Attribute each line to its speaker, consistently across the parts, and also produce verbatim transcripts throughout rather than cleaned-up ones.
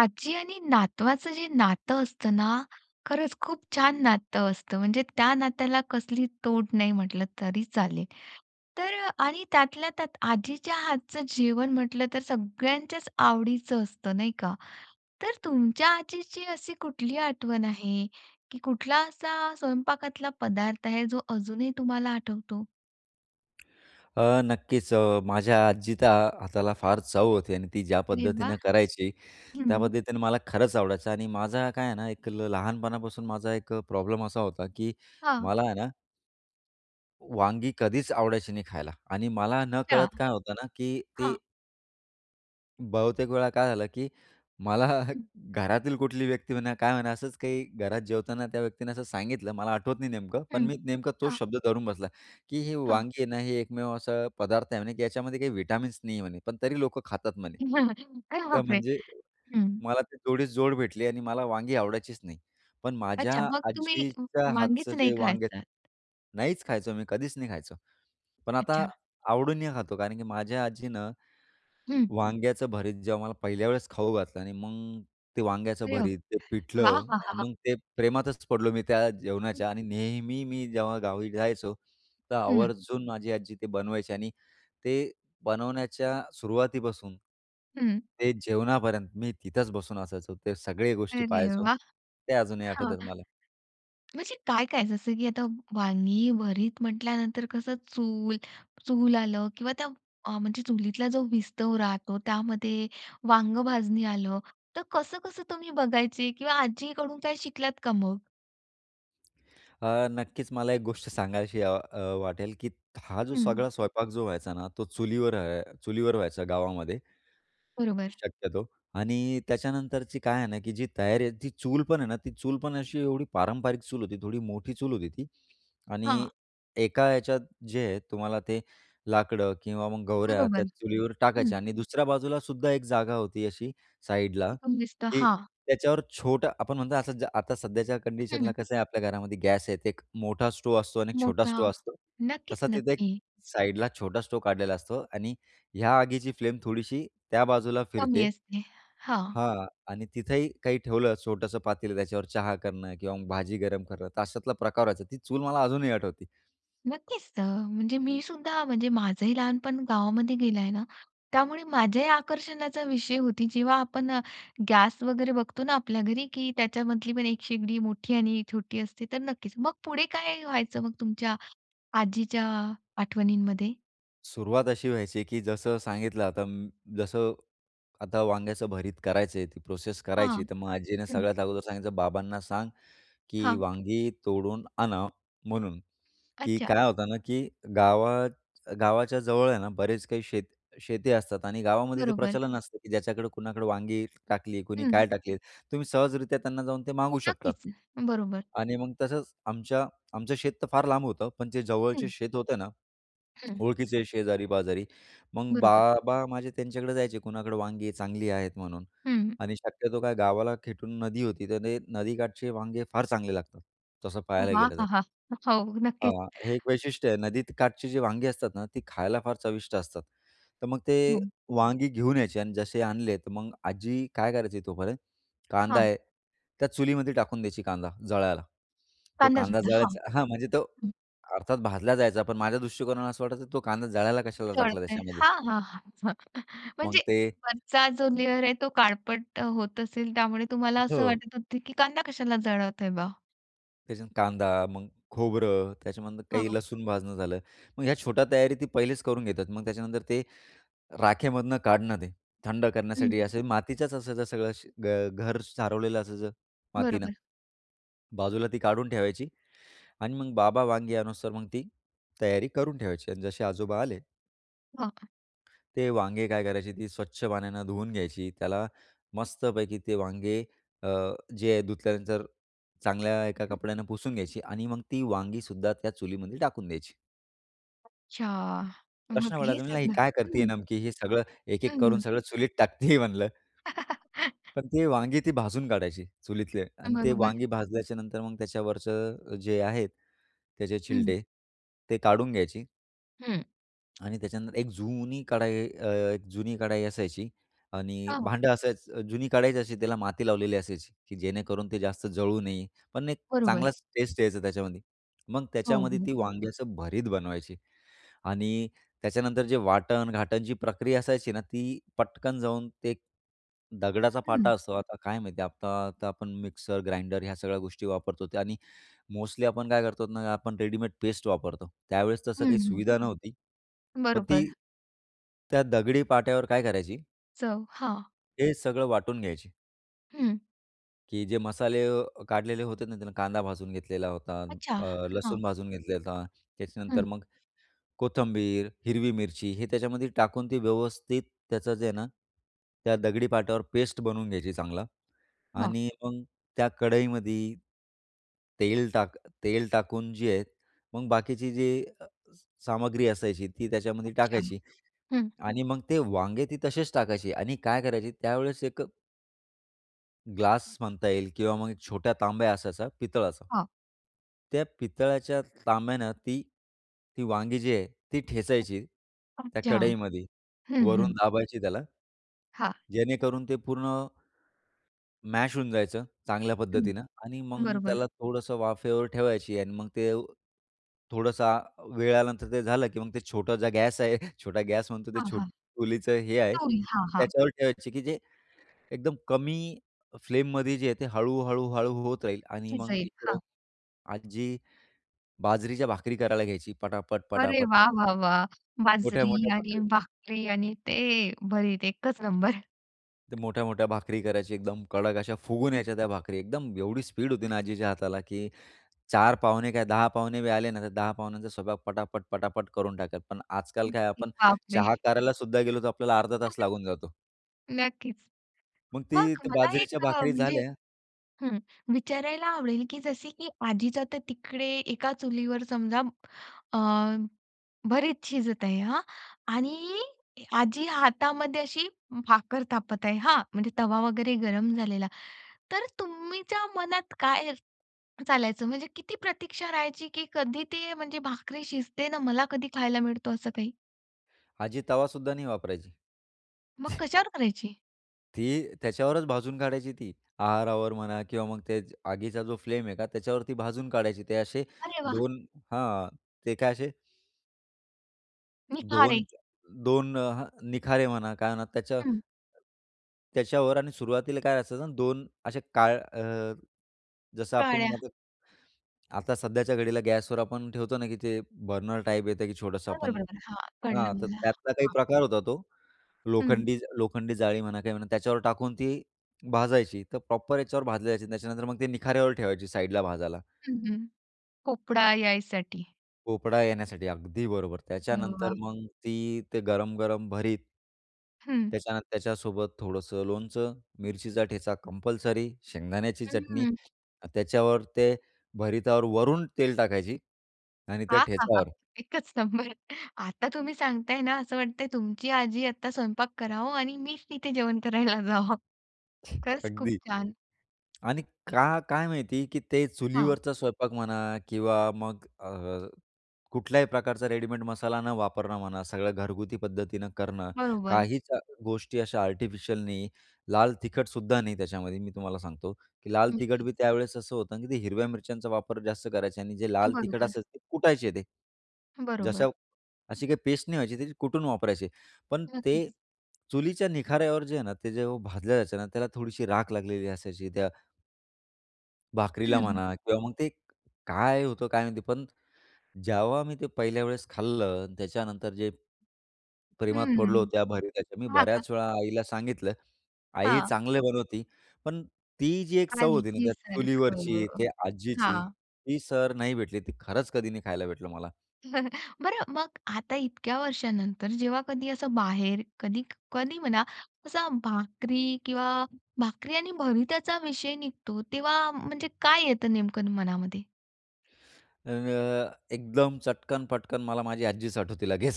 Speaker 1: आजी आणि नातवाचं जे नातं असतं ना खरंच खूप छान नातं असतं म्हणजे त्या नात्याला कसली तोड नाही म्हटलं तरी चालेल. तर आणि त्यातल्या त्यात आजीच्या हातचं जेवण म्हटलं तर सगळ्यांच्याच आवडीचं असतं, नाही का. तर तुमच्या आजीची अशी कुठली आठवण आहे की कुठला असा स्वयंपाकातला पदार्थ आहे जो अजूनही तुम्हाला आठवतो?
Speaker 2: अ, नक्कीच अ, माझ्या आजीचा हाताला फार चव होती आणि ती ज्या
Speaker 1: अरे वाह!
Speaker 2: पद्धतीनं करायची त्या
Speaker 1: हं.
Speaker 2: पद्धतीने मला खरंच आवडायचं आणि माझा काय आहे ना एक ल लहानपणापासून माझा एक अ, प्रॉब्लेम असा होता, की
Speaker 1: हां.
Speaker 2: मला आहे ना वांगी कधीच आवडायची नाही खायला आणि मला
Speaker 1: अच्छा,
Speaker 2: नकळत काय होतं ना की ते
Speaker 1: हां.
Speaker 2: बहुतेक वेळा काय झालं, की मला घरातील कुठलीही व्यक्ती म्हणा, काय म्हणा असंच काही घरात जेवताना त्या व्यक्तीने असं सांगितलं. मला आठवत नाही नेमकं पण
Speaker 1: हं,
Speaker 2: मी नेमकं तोच
Speaker 1: हां.
Speaker 2: शब्द धरून बसला, की ही
Speaker 1: हां
Speaker 2: वांगी आहे ना, हे एकमेव असा पदार्थ आहे म्हणे की याच्यामध्ये काही विटामिन्स नाहीये म्हणे, पण तरी लोकं खातात म्हणे.
Speaker 1: [unintelligible] अरे
Speaker 2: तर
Speaker 1: बापरे!
Speaker 2: म्हणजे
Speaker 1: हं.
Speaker 2: मला ते जोडीस जोड भेटली आणि मला वांगी आवडायचीच नाही. पण माझ्या
Speaker 1: अच्छा मग तुम्ही म
Speaker 2: आजीच्या हातचं
Speaker 1: वांगेच नाही
Speaker 2: जे वांग
Speaker 1: खायचात?
Speaker 2: नाहीच खायचो मी कधीच नाही खायचो. पण आता
Speaker 1: अच्छा.
Speaker 2: आवडीने खातो कारण की माझ्या आजीने
Speaker 1: हं.
Speaker 2: वांग्याचं भरीत जेव्हा मला पहिल्या वेळेस खाऊ घातलं आणि मग ते वांग्याचं
Speaker 1: अरे
Speaker 2: भरीत,
Speaker 1: बापरे!
Speaker 2: ते
Speaker 1: वाह, वाह,
Speaker 2: पिठलं
Speaker 1: वाहहा!
Speaker 2: मग ते प्रेमातच पडलो मी त्या जेवणाच्या आणि नेहमी मी जेव्हा गावी जायचो तर
Speaker 1: हं.
Speaker 2: आवर्जून माझी आजी ते बनवायची आणि ते बनवण्याच्या सुरुवातीपासून
Speaker 1: हं
Speaker 2: ते जेवणापर्यंत मी तिथेच बसून असायचो, ते सगळी गोष्टी
Speaker 1: अरे
Speaker 2: पाहायचो.
Speaker 1: वाह!
Speaker 2: ते अजूनही
Speaker 1: हं.
Speaker 2: आठवतात मला.
Speaker 1: म्हणजे काय-काय जसं की आता वांगी भरीत म्हंटल्यानंतर कसं चूल चूल आलं किंवा त्या म्हणजे चुलीतला जो विस्तव राहतो त्यामध्ये वांग भाजणी आलं तर कसं-कसं तुम्ही बघायचे किंवा आजीकडून काय शिकलात का मग?
Speaker 2: अ, नक्कीच मला एक गोष्ट सांगाविशी अ अ वाटेल, की हा जो,
Speaker 1: हं.
Speaker 2: सगळा स्वयंपाक जो व्हायचा ना, तो चुलीवर अ, चुलीवर व्हायचा गावामध्ये.
Speaker 1: बरोबर.
Speaker 2: शक्यतो आणि त्याच्यानंतरची काय आहे ना, की जी तयारी आहे, ती चूल पण आहे ना, ती चूल पण अशी, एवढी पारंपरिक चूल होती, थोडी मोठी चूल होती ती आणि
Speaker 1: हां.
Speaker 2: एका याच्यात जे आहे, तुम्हाला ते लाकडं किंवा मग गवऱ्या, त्या
Speaker 1: बरोबर,
Speaker 2: चुलीवर टाकायच्या
Speaker 1: हं.
Speaker 2: आणि दुसऱ्या बाजूलासुद्धा एक जागा होती अशी, साईडला,
Speaker 1: तिथून दिसतं,
Speaker 2: की
Speaker 1: हां.
Speaker 2: त्याच्यावर छोटं आपण म्हणतो, असं जा आता सध्याच्या
Speaker 1: हं,
Speaker 2: कंडिशनला
Speaker 1: हं.
Speaker 2: कसं आहे, आपल्या घरामध्ये गॅस आहे, ते एक मोठा स्टोव असतो आणि एक छोटा
Speaker 1: मोठा,
Speaker 2: स्टोव्ह असतो.
Speaker 1: नक्कीच,
Speaker 2: तसा तिथे, एक
Speaker 1: नक्की.
Speaker 2: साइडला छोटा स्टोव्ह काढलेला असतो आणि ह्या आगीची, फ्लेम थोडीशी त्या बाजूला
Speaker 1: कमी
Speaker 2: फिरते.
Speaker 1: असते, हां.
Speaker 2: हां आणि तिथंही काही ठेवलं छोटंसं पातेलं, त्याच्यावर चहा करणं किंवा मग भाजी गरम करणं, तर अशातला प्रकार व्हायचा. ती चूल, मला अजूनही आठवते.
Speaker 1: नक्कीच. तर म्हणजे मी सुद्धा, म्हणजे माझंही लहानपण गावामध्ये गेलं आहे ना, त्यामुळे माझ्याही आकर्षणाचा विषय होती. जेव्हा आपण अ, गॅस वगैरे बघतो ना आपल्या घरी, की त्याच्यामधली पण एक शेगडी मोठी आणि छोटी असते, तर नक्कीच. मग पुढे काय व्हायचं, मग तुमच्या आजीच्या आठवणींमध्ये.
Speaker 2: सुरुवात अशी व्हायची, की जसं सांगितलं आता म्म् जसं आता वांग्याचं भरीत करायचं आहे, ती प्रोसेस
Speaker 1: हां,
Speaker 2: करायची, तर मग आजीने
Speaker 1: हं.
Speaker 2: सगळ्यात अगोदर सांगितलं, "बाबांना सांग की
Speaker 1: हां.
Speaker 2: वांगी तोडून आणा", म्हणून की
Speaker 1: अच्छा.
Speaker 2: काय होतं ना की गावात गावाच्या जवळ आहे ना, बरेच काही शेत शेती असतात आणि गावामध्ये ते
Speaker 1: बरोबर.
Speaker 2: प्रचलन असतं, की ज्याच्याकडे कुणाकडे वांगी टाकली, कुणी
Speaker 1: हं.
Speaker 2: काय टाकली, तुम्ही सहजरीत्या त्यांना जाऊन ते मागू शकतात
Speaker 1: नक्कीच, बरोबर.
Speaker 2: आणि मग तसंच आमच्या आमचं शेत तर फार लांब होतं पण ते जवळचे
Speaker 1: हं.
Speaker 2: शेत होतं ना,
Speaker 1: हं.
Speaker 2: ओळखीचे शेजारी-पाजारी. मग
Speaker 1: बरोबर.
Speaker 2: बाबा माझे त्यांच्याकडे जायचे कुणाकडे वांगे चांगली आहेत म्हणून
Speaker 1: हं.
Speaker 2: आणि शक्यतो काय गावाला खेटून नदी होती, तर ते नदीकाठचे वांगे फार चांगले लागतात, तसं पाहायला
Speaker 1: वाह
Speaker 2: गेलं तर.
Speaker 1: अहा! हो, नक्कीच.
Speaker 2: हां, हे एक वैशिष्ट्य आहे, नदीत काठची जी वांगे असतात ना, ती खायला फार चविष्ट असतात. तर मग ते
Speaker 1: हं.
Speaker 2: वांगी घेऊन यायची अन् जसे आणले, तर मग आजी काय करायची तोपर्यंत, कांदा
Speaker 1: हां.
Speaker 2: आहे, त्या चुलीमध्ये टाकून द्यायची कांदा, जळायला. तो कांदा
Speaker 1: कांदासुद्धा. हां,
Speaker 2: जळायचा हां, म्हणजे तो
Speaker 1: हं.
Speaker 2: अर्थात भाजला जायचा, पण माझ्या दृष्टिकोनाने असं वाटायचं तो कांदा जळायला कशाला टाकला
Speaker 1: जळतंय.
Speaker 2: त्याच्यामध्ये.
Speaker 1: हां, हां, हां.
Speaker 2: मग
Speaker 1: म्हणजे
Speaker 2: ते
Speaker 1: वरचा जो लेयर आहे तो काळपट होत असेल, त्यामुळे तुम्हाला असं
Speaker 2: हो.
Speaker 1: वाटत होतं, की कांदा कशाला जळवत आहे बा?
Speaker 2: त्याच्यात कांदा मग खोबरं त्याच्यामधून काही
Speaker 1: हो.
Speaker 2: लसूण भाजणं झालं, मग ह्या छोट्या तयारी ती पहिलीच करून घेतात. मग त्याच्यानंतर ते राखेमधून काढणं ते थंड
Speaker 1: हम्म.
Speaker 2: करण्यासाठी असं मातीचाच असायचं सगळं श घ घर सारवलेलं असायचं मातीनं.
Speaker 1: बरोबर.
Speaker 2: बाजूला ती काढून ठेवायची आणि मग बाबा वांगी अणुस्तोवर मग ती तयारी करून ठेवायची आणि जसे आजोबा आले
Speaker 1: हो.
Speaker 2: ते वांगे काय करायची ती स्वच्छ पाण्याने धुवून घ्यायची. त्याला मस्तपैकी ते वांगे अ, जे धुतल्यानंतर चांगल्या एका
Speaker 1: हं.
Speaker 2: कपड्यानं पुसून घ्यायची आणि मग ती वांगी सुद्धा त्या चुलीमध्ये टाकून द्यायची.
Speaker 1: अच्छा, मग
Speaker 2: प्रश्न
Speaker 1: हे
Speaker 2: पडायचा म्हणाला ही
Speaker 1: सगळं
Speaker 2: काय करतीय
Speaker 1: हं.
Speaker 2: नमकी हे सगळं
Speaker 1: हं,
Speaker 2: एक-एक करून
Speaker 1: हं.
Speaker 2: सगळं चुलीत टाकते आहे म्हणलं. पण ती वांगी ती भाजून काढायची चुलीतले आणि ते
Speaker 1: बरोबर.
Speaker 2: वांगी भाजल्याच्यानंतर मग त्याच्यावरचं जे आहेत, त्याचे
Speaker 1: हं.
Speaker 2: छिलटे, ते काढून घ्यायची
Speaker 1: हं.
Speaker 2: आणि त्याच्यानंतर एक जुनी कढाई अ, एक जुनी कढाई असायची आणि
Speaker 1: हो, हो.
Speaker 2: भांडं असायचं जुनी काढायची अशी त्याला माती लावलेली असायची की जेणेकरून ते जास्त जळू नये, पण एक
Speaker 1: बरोबर.
Speaker 2: चांगलाच टेस्ट यायचं त्याच्यामध्ये मग
Speaker 1: हो,
Speaker 2: त्याच्यामध्ये ती
Speaker 1: हो.
Speaker 2: वांग्याचं भरीत बनवायची. आणि त्याच्यानंतर जे वाटण, घाटण जी प्रक्रिया असायची ना ती पटकन जाऊन ते दगडाचा पाटा
Speaker 1: हं.
Speaker 2: असतो आता काय माहिती आहे आता आता आपण मिक्सर, ग्राइंडर ह्या सगळ्या गोष्टी वापरतो ते आणि मोस्टली आपण काय करतो ना आपण रेडीमेड पेस्ट वापरतो त्यावेळेस तसं
Speaker 1: हं,
Speaker 2: काही
Speaker 1: हं.
Speaker 2: सुविधा नव्हती पण
Speaker 1: बरोबर.
Speaker 2: ती त्या दगडी पाट्यावर काय करायची
Speaker 1: चव. हां.
Speaker 2: हे सगळं वाटून घ्यायची
Speaker 1: हं.
Speaker 2: की जे मसाले अ, काढलेले होते ना, त्याला कांदा भाजून घेतलेला होता,
Speaker 1: अच्छा.
Speaker 2: अ,
Speaker 1: हां.
Speaker 2: लसूण भाजून घेतलेला होता,
Speaker 1: हं.
Speaker 2: त्याच्यानंतर मग कोथिंबीर, हिरवी मिरची हे त्याच्यामध्ये टाकून ती व्यवस्थित त्याचं जे आहे ना, त्या दगडी पाटावर पेस्ट बनवून घ्यायची चांगला
Speaker 1: हां.
Speaker 2: आणि मग त्या कढईमध्ये तेल टाक तेल टाकून जे आहेत, मग बाकीची जी अ, सामग्री असायची ती त्याच्यामध्ये
Speaker 1: अच्छा.
Speaker 2: टाकायची
Speaker 1: हं.
Speaker 2: आणि मग ते वांगे ती तसेच टाकायची आणि काय करायची त्यावेळेस एक ग्लास म्हणता येईल किंवा मग छोटा तांब्या असायचा, पितळाचा.
Speaker 1: हां.
Speaker 2: त्या पितळाच्या तांब्यानं ती, ती वांगी जी आहे, ती ठेचायची, त्या
Speaker 1: अच्छा.
Speaker 2: कढईमध्ये.
Speaker 1: हं,
Speaker 2: वरून
Speaker 1: हं.
Speaker 2: दाबायची त्याला.
Speaker 1: हां.
Speaker 2: जेणेकरून ते पूर्ण, मॅश होऊन जायचं, चांगल्या
Speaker 1: हं,
Speaker 2: पद्धतीनं आणि मग
Speaker 1: बरोबर.
Speaker 2: त्याला थोडंसं वाफेवर ठेवायची आणि मग ते थोडासा वेळ आल्यानंतर ते झालं की मग ते छोटं जर गॅस आहे, छोटा गॅस म्हणतो ते
Speaker 1: हां,
Speaker 2: छोटं
Speaker 1: हां.
Speaker 2: चुलीचं हे आहे,
Speaker 1: चूल. हां, हां.
Speaker 2: त्याच्यावर ठेवायची, की जे एकदम कमी फ्लेममध्ये जे आहे, ते हळू-हळू-हळू होत राहील आणि मग
Speaker 1: [unintelligible]
Speaker 2: इकडे
Speaker 1: हां.
Speaker 2: आजी बाजरीच्या भाकरी करायला घ्यायची
Speaker 1: अरे,
Speaker 2: पटापट-पटापट.
Speaker 1: वाह! वाह! वाह! बाजरी
Speaker 2: मोठ्या-मोठ्या
Speaker 1: आणि
Speaker 2: भाकरी.
Speaker 1: भाकरी आणि ते भरीत, एकच नंबर.
Speaker 2: ते मोठ्या-मोठ्या भाकरी करायची, एकदम कडक अशा फुगून यायच्या त्या भाकरी, एकदम एवढी स्पीड होती ना आजीच्या हाताला, की चार पाहुणे काय, दहा पाहुणे बी आले ना, तर दहा पाहुण्यांचा स्वयंपाक पटापट-पटापट करून टाकलं. पण आजकाल काय, आपण
Speaker 1: बापरे!
Speaker 2: चहा करायला सुद्धा गेलो, तर आपल्याला अर्धा तास लागून जातो.
Speaker 1: नक्कीच,
Speaker 2: मग
Speaker 1: मग
Speaker 2: ती त्या
Speaker 1: मला
Speaker 2: बाजरीच्या
Speaker 1: एक अ,
Speaker 2: भाकरी
Speaker 1: म्हणजे
Speaker 2: झाल्या
Speaker 1: हं विचारायला आवडेल, की जसे की आजीचा तर तिकडे एका चुलीवर समजा अ, भरीत शिजत आहे हां आणि आजी हातामध्ये अशी भाकर थापत आहे हां, म्हणजे तवा वगैरे गरम झालेला. तर तुमच्या मनात काय चालायचं, म्हणजे किती प्रतीक्षा राहायची, की कधी ते, म्हणजे भाकरी शिजते? ना, मला कधी खायला मिळतो, असं काही?
Speaker 2: आजी तवा सुद्धा नाही वापरायची.
Speaker 1: मग कशावर करायची?
Speaker 2: ती त्याच्यावरच भाजून काढायची ती. आहारावर म्हणा किंवा मग ते आगीचा जो फ्लेम आहे का, त्याच्यावरती भाजून काढायची ते असे
Speaker 1: अरे वाह!
Speaker 2: दोन हां. ते काय असे
Speaker 1: निखारे.
Speaker 2: दोन दोन अ, हं निखारे म्हणा काय म्हणा त्याच्या,
Speaker 1: हं.
Speaker 2: त्याच्यावर आणि सुरुवातीला काय असायचं दोन अशा काळ अ, जसं आपण
Speaker 1: काळ्या.
Speaker 2: [unintelligible] आता सध्याच्या घडीला गॅसवर आपण ठेवतो ना की ते बर्नर टाइप येतं की छोटंसं आपण,
Speaker 1: बरोबर-बरोबर. हा, कळलं
Speaker 2: हां, तर
Speaker 1: मला
Speaker 2: त्यातला काही
Speaker 1: हां.
Speaker 2: प्रकार होता. तो
Speaker 1: हं.
Speaker 2: लोखंडी लोखंडी जाळी म्हणा काही म्हणा त्याच्यावर टाकून ती भाजायची, तर प्रॉपर ह्याच्यावर भाजली जायची. त्याच्यानंतर मग ती निखाऱ्यावर ठेवायची साइडला भाजायला.
Speaker 1: हं, हं. पोपडा यायसाठी.
Speaker 2: पोपडा येण्यासाठी, अगदी बरोबर.
Speaker 1: अरे वाह!
Speaker 2: त्याच्यानंतर मग ती ते गरम-गरम भरीत
Speaker 1: हं.
Speaker 2: त्याच्यानंतर त्याच्यासोबत थोडंसं लोणचं, मिरचीचा ठेचा कंपल्सरी, शेंगदाण्याची
Speaker 1: हं,
Speaker 2: चटणी,
Speaker 1: हं.
Speaker 2: त्याच्यावर ते भरीतावर वरून तेल टाकायची आणि त्या ठेचावर.
Speaker 1: एकच नंबर. आता तुम्ही सांगताय ना, असं वाटतंय तुमची आजी आता स्वयंपाक करावं आणि मीच तिथे जेवण करायला जावं. खरंच, खूप
Speaker 2: अगदी.
Speaker 1: छान.
Speaker 2: आणि का काय माहिती की ते
Speaker 1: हां.
Speaker 2: चुलीवरचा स्वयंपाक म्हणा किंवा मग अ, कुठल्याही प्रकारचा रेडीमेड मसाला न वापरणं म्हणा, सगळं घरगुती पद्धतीनं करणं.
Speaker 1: बरोबर.
Speaker 2: काहीच अ, गोष्टी अशा आर्टिफिशियल नाही. लाल तिखटसुद्धा नाही त्याच्यामध्ये. मी तुम्हाला सांगतो की लाल तिखट
Speaker 1: नक्कीच.
Speaker 2: बी त्यावेळेस असं होतं की ते हिरव्या मिरच्यांचा वापर जास्त करायचे आणि जे
Speaker 1: अ,
Speaker 2: लाल तिखट
Speaker 1: बरोबर.
Speaker 2: असायचं ते कुटायचे ते.
Speaker 1: बरोबर.
Speaker 2: जसं अशी काही पेस्ट नाही व्हायची, ती कुटून वापरायचे. पण ते
Speaker 1: नक्कीच.
Speaker 2: चुलीच्या निखाऱ्यावर जे आहे ना, ते जे भाजलं जायचं ना, त्याला थोडीशी राख लागलेली असायची त्या भाकरीला
Speaker 1: हं.
Speaker 2: म्हणा किंवा मग ते एक, काय होतं काय माहिती पण जेव्हा मी ते पहिल्या वेळेस खाल्लं, त्याच्यानंतर जे प्रेमात
Speaker 1: हं,
Speaker 2: पडलो त्या भरीताच्या मी
Speaker 1: हां, हां.
Speaker 2: बऱ्याच वेळा आईला सांगितलं, आई
Speaker 1: हां.
Speaker 2: चांगले बनवती, पण ती जी एक चव होती ना, त्या
Speaker 1: आजीसारखं
Speaker 2: चुलीवरची, त्या आजीची,
Speaker 1: हां.
Speaker 2: ती सर नाही भेटली. ती खरंच कधी नाही खायला भेटलं मला.
Speaker 1: बरं मग आता इतक्या वर्षानंतर जेव्हा कधी असं बाहेर कधी कधी म्हणा, असा भाकरी किंवा भाकरी आणि भरीताचा विषय निघतो तेव्हा म्हणजे काय येतं नेमकं मनामध्ये?
Speaker 2: अ, एकदम चटकन-पटकन मला माझी आजीच आठवती लगेच,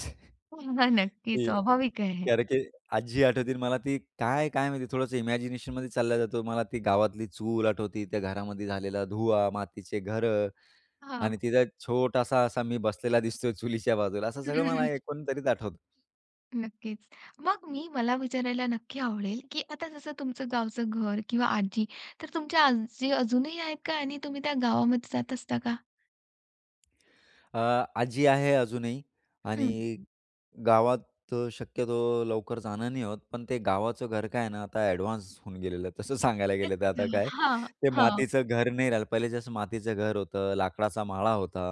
Speaker 1: हो ना, नक्की,
Speaker 2: की अ, कारण
Speaker 1: स्वाभाविक
Speaker 2: की
Speaker 1: आहे.
Speaker 2: अरे! की आजी आठवती आणि मला ती काय, काय माहिती थोडंस इमॅजिनेशनमध्ये चालला जातो. मला ती गावातली चूल आठवती. त्या घरामध्ये झालेला धुवा, मातीचे घरं
Speaker 1: हां.
Speaker 2: आणि तिथे एक छोटासा असा मी बसलेला दिसतोय चुलीच्या बाजूला. असं सगळं मला एकंदरीत आठवतं.
Speaker 1: नक्कीच. मग मी मला विचारायला नक्की आवडेल, की आता जसं तुमचं गावचं घर किंवा आजी, तर तुमच्या आजी अजूनही आहेत का आणि तुम्ही त्या गावामध्ये जात असता का?
Speaker 2: अ, आजी आहे अजूनही
Speaker 1: हं.
Speaker 2: आणि गावात अ, शक्यतो लवकर जाणं नाही होत, पण ते गावाचं घर काय आहे ना, आता ॲडव्हान्स होऊन गेलेलं आहे. तसं सांगायला गेलं तर आता
Speaker 1: अच्छा,
Speaker 2: काय.
Speaker 1: हां,
Speaker 2: ते
Speaker 1: हां.
Speaker 2: मातीचं घर नाही राहिलं पहिले जसं मातीचं घर होतं, लाकडाचा माळा होता,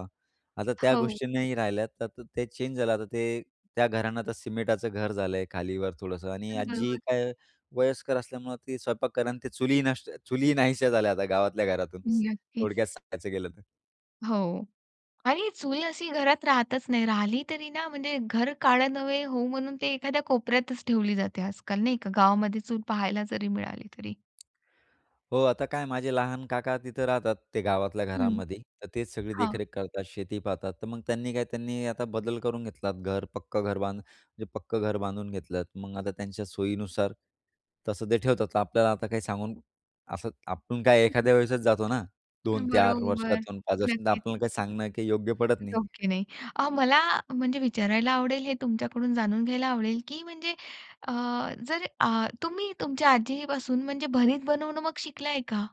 Speaker 2: आता त्या
Speaker 1: हो.
Speaker 2: गोष्टी नाही राहिल्या. तर त ते चेंज झालं आता ते त्या घरांना आता सिमेटाचं घर झालंय खाली-वर थोडंसं आणि
Speaker 1: अ,
Speaker 2: आजी
Speaker 1: बरोबर.
Speaker 2: काय वयस्कर असल्यामुळं ती स्वयंपाक कर अन् ते चुलीही नष्ट चुलीही नाहीशा झाल्या आता गावातल्या घरातून स
Speaker 1: नक्कीच.
Speaker 2: थोडक्यात सांगायचं गेलं तर.
Speaker 1: हो. आणि चूल अशी घरात राहतच नाही राहिली तरी ना, म्हणजे घर काळं नव्हे होवो म्हणून ते एखाद्या कोपऱ्यातच ठेवली जाते आजकाल, नाही का? गावामध्ये चूल पहायला जरी मिळाली तरी.
Speaker 2: हो, आता काय माझे लहान काका तिथं राहतात, ते गावातल्या
Speaker 1: हं.
Speaker 2: घरांमध्ये, तर तेच सगळे
Speaker 1: हां.
Speaker 2: देखरेख करतात, शेती पाहतात, तर मग त्यांनी काय त्यांनी आता बदल करून घेतलात, घर, पक्कं घर बांधू म्हणजे पक्कं घर बांधून घेतलंत. मग आता त्यांच्या सोयीनुसार तसं ते ठेवतात. तर आपल्याला आता काही सांगून असं आपण काय एखाद्या वेळेसच जातो ना
Speaker 1: अ,
Speaker 2: दोन चार
Speaker 1: बरोबर,
Speaker 2: वर्षातून, पाच वर्ष, तर
Speaker 1: नक्कीच.
Speaker 2: आपल्याला काही सांगणं काही योग्य पडत नाही.
Speaker 1: ओके, नाही अ, मला म्हणजे विचारायला आवडेल, हे तुमच्याकडून जाणून घ्यायला आवडेल, की म्हणजे अ, जर अ, तुम्ही तुमच्या आजीपासून म्हणजे भरीत बनवणं मग शिकलाय का?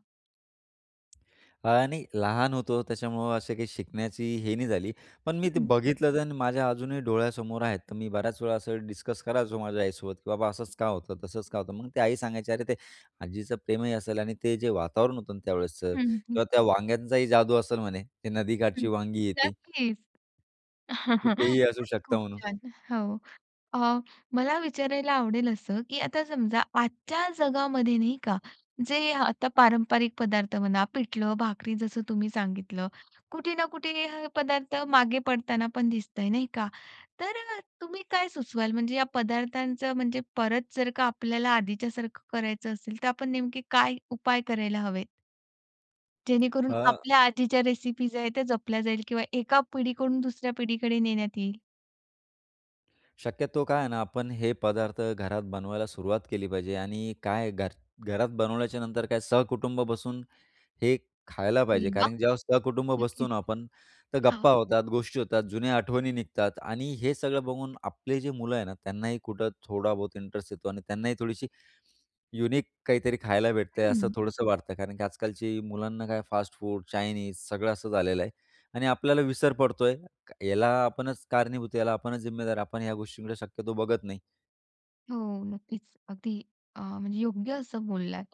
Speaker 2: आणि लहान होतो त्याच्यामुळं असं काही शिकण्याची हे नाही झाली. पण मी ते
Speaker 1: हं.
Speaker 2: बघितलं तर माझ्या अजूनही डोळ्यासमोर आहेत. तर मी बऱ्याच वेळा असं डिस्कस करायचो माझ्या आईसोबत, की "बाबा, असंच का होतं, तसंच का होतं." मग ती आई सांगायची, "अरे ते आजीचं प्रेमही असेल आणि ते जे वातावरण होतं ना, त्यावेळेसचं
Speaker 1: हं, हं.
Speaker 2: किंवा त्या वांग्यांचाही जादू असेल म्हणे. ते नदीकाठची
Speaker 1: हं,
Speaker 2: वांगी आहे ती"
Speaker 1: नक्कीच.
Speaker 2: "की तेही असू
Speaker 1: खरंच,
Speaker 2: शकतं
Speaker 1: खूप
Speaker 2: म्हणून."
Speaker 1: छान. हो, अ, मला विचारायला आवडेल असं, की आता समजा आजच्या जगामध्ये नाही का, जे आता पारंपरिक पदार्थ म्हणा पिठलं-भाकरी जसं तुम्ही सांगितलं. कुठे ना कुठे हे अ, पदार्थ मागे पडताना पण दिसतय, नाही का. तर अ, तुम्ही काय सुचवाल म्हणजे या पदार्थांचं म्हणजे परत जर का आपल्याला आधीच्यासारखं करायचं असेल, तर आपण नेमके काय उपाय करायला हवेत? जेणेकरून
Speaker 2: हां.
Speaker 1: आपल्या आजीच्या रेसिपीज आहेत, त्या जपल्या जाईल किंवा एका पिढीकडून दुसऱ्या पिढीकडे नेण्यात येईल?
Speaker 2: शक्यतो काय आहे ना, आपण हे पदार्थ घरात बनवायला सुरुवात केली पाहिजे आणि काय घर घरात बनवल्याच्यानंतर काय सहकुटुंब बसून हे खायला पाहिजे
Speaker 1: अरे वा!
Speaker 2: कारण की ज्यावेळेस सहकुटुंब बसतो
Speaker 1: नक्कीच.
Speaker 2: ना, आपण तर
Speaker 1: हां.
Speaker 2: गप्पा होतात, गोष्टी होतात, जुन्या आठवणी निघतात आणि हे सगळं बघून आपले जे मुलं आहे ना, त्यांनाही कुठं थोडा बहुत इंटरेस्ट येतो आणि त्यांनाही थोडीशी युनिक काहीतरी खायला भेटतंय, असं
Speaker 1: हं.
Speaker 2: थोडंसं वाटतंय. कारण की आजकालची मुलांना काय फास्ट फूड, चाइनीज सगळं असं झालेलं आहे आणि आपल्याला विसर पडतोय, याला आपणच कारणीभूत, याला आपणच जिम्मेदार. आपण ह्या गोष्टी शक्यतो बघत नाही.
Speaker 1: हो, नक्कीच. अगदी अ, म्हणजे योग्य असं बोललात.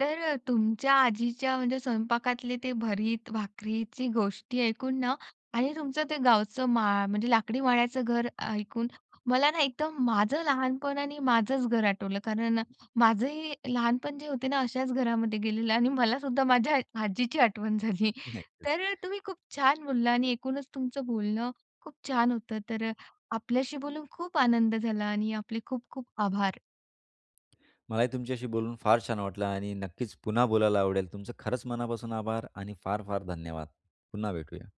Speaker 1: तर अ, तुमच्या आजीच्या म्हणजे स्वयंपाकातले ते भरीत भाकरीची गोष्टी ऐकून ना आणि तुमचं ते गावचं माळ म्हणजे लाकडी माळ्याचं घर ऐकून, मला ना, एकदम माझं लहानपण आणि माझंच घर आठवलं. कारण माझंही लहानपण जे होते ना, अशाच घरामध्ये गेलेलं आणि मलासुद्धा आ माझ्या आजीची आठवण झाली.
Speaker 2: नक्कीच.
Speaker 1: तर अ, तुम्ही खूप छान बोलला आणि ऐकूनच तुमचं बोलणं खूप छान होतं. तर अ, आपल्याशी बोलून खूप आनंद झाला आणि आपले खूप-खूप आभार
Speaker 2: मलाही तुमच्याशी बोलून फार छान वाटलं आणि नक्कीच पुन्हा बोलायला आवडेल. तुमचं खरंच मनापासून आभार आणि फार, फार धन्यवाद. पुन्हा भेटूया.